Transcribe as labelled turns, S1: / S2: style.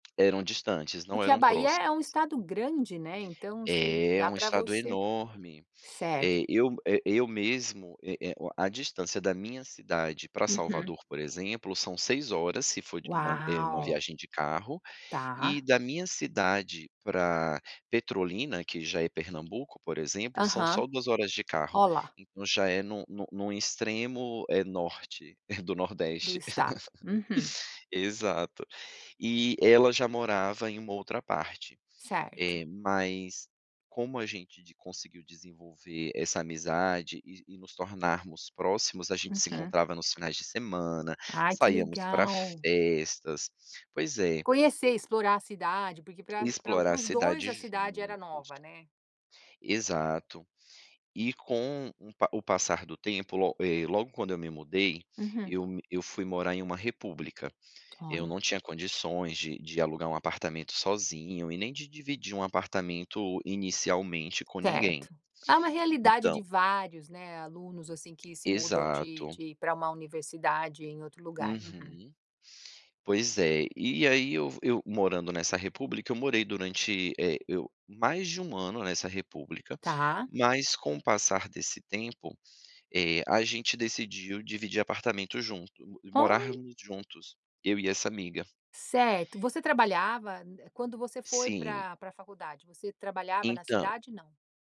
S1: Eram distantes, não
S2: Porque a
S1: eram
S2: Bahia é um
S1: próximas.
S2: estado grande, né, então, assim,
S1: É
S2: dá
S1: um
S2: para
S1: estado
S2: você
S1: enorme,
S2: certo.
S1: eh, eu eh, eu mesmo, é é o a distância da minha cidade para
S2: Uhum.
S1: Salvador, por exemplo, são 6 horas se for de uma eh, uma
S2: Uau.
S1: viagem de carro, e
S2: Tá.
S1: da minha cidade pra Petrolina que já é Pernambuco por exemplo são
S2: Aham,
S1: só 2 horas de carro.
S2: ó lá.
S1: Então já é no no no extremo, eh, norte, eh, do
S2: Do
S1: nordeste.
S2: estado, uhum.
S1: Exato, e ela já morava em uma outra parte,
S2: Certo.
S1: eh, mas, como a gente de conseguiu desenvolver essa amizade e e nos tornarmos próximos, a gente se
S2: Uhum.
S1: encontrava nos finais de semana,
S2: Ai que
S1: saíamos pra
S2: legal.
S1: festas, pois é.
S2: Conhecer, explorar a cidade, porque pra pra
S1: Explorar
S2: para
S1: a
S2: os 2
S1: cidade
S2: a cidade era
S1: juntos.
S2: nova, né.
S1: Exato, e com um o passar do tempo, lo eh, logo quando eu me mudei,
S2: Uhum.
S1: eu me eu fui morar em uma república, eu
S2: Olha.
S1: não tinha condições de de alugar um apartamento sozinho e nem de dividir um apartamento inicialmente com ninguém,
S2: Certo, é uma realidade
S1: então
S2: de vários, né, alunos assim que se mudam de
S1: Exato.
S2: de para uma universidade em outro lugar, uhum.
S1: Uhum, pois é, e aí eu v eu morando nessa república, eu morei durante, eh, eu mais de 1 ano nessa república.
S2: Tá.
S1: Mas, com o passar desse tempo, eh, a gente decidiu dividir apartamento junto,
S2: Olh
S1: morarmos juntos, eu e essa amiga.
S2: Certo, você trabalhava n quando você foi
S1: Sim.
S2: pra pra faculdade, você trabalhava na
S1: Entã
S2: cidade, não?